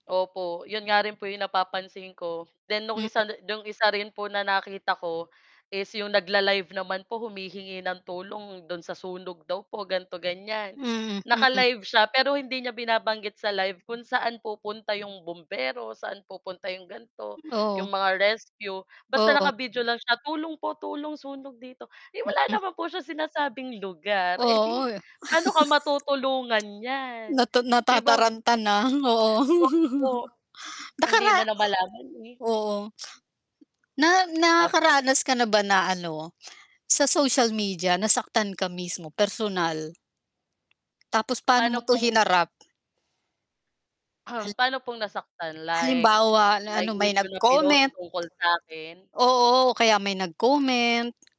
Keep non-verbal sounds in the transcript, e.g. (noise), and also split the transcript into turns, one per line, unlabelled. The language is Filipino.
Opo, 'yon nga rin po 'yong napapansin ko, then no'ng
Hm.
isa no'ng isa rin po na nakita ko, is 'yong nag-la-live naman po, humihingi ng tulong do'n sa sunog daw po ganito, ganiyan.
Hmm, mm.
Naka-live siya pero hindi niya binabanggit sa live kung saan pupunta 'yong bombero, saan pupunta 'yong ganito,
Oo.
'yong mga rescue. Basta
Oo.
naka-video lang siya, "Tulong po, tulong sunog dito." Eh, wala
Mm.
naman po siya sinasabing lugar, eh
Oo,
'di,
eh. (chuckles)
paano ka matutulungan niyan,
Nata
'di ba. (scoffs)
natataranta na, oo.
Opo,
(chuckles)
hindi mo
Nakara
na malaman, eh.
oo, na
Opo.
nakaranas ka na ba na ano, sa social media nasaktan ka mismo, personal? Tapos paano
Paano
mo to
pong
hinarap? Hal
(clears throat) Paano pong nasaktan, like
halimbawa a
may
ano, may
issue na pinost
nag-comment.
tungkol sa akin?
Oo, o kaya may nag-comment. (clicks tongue)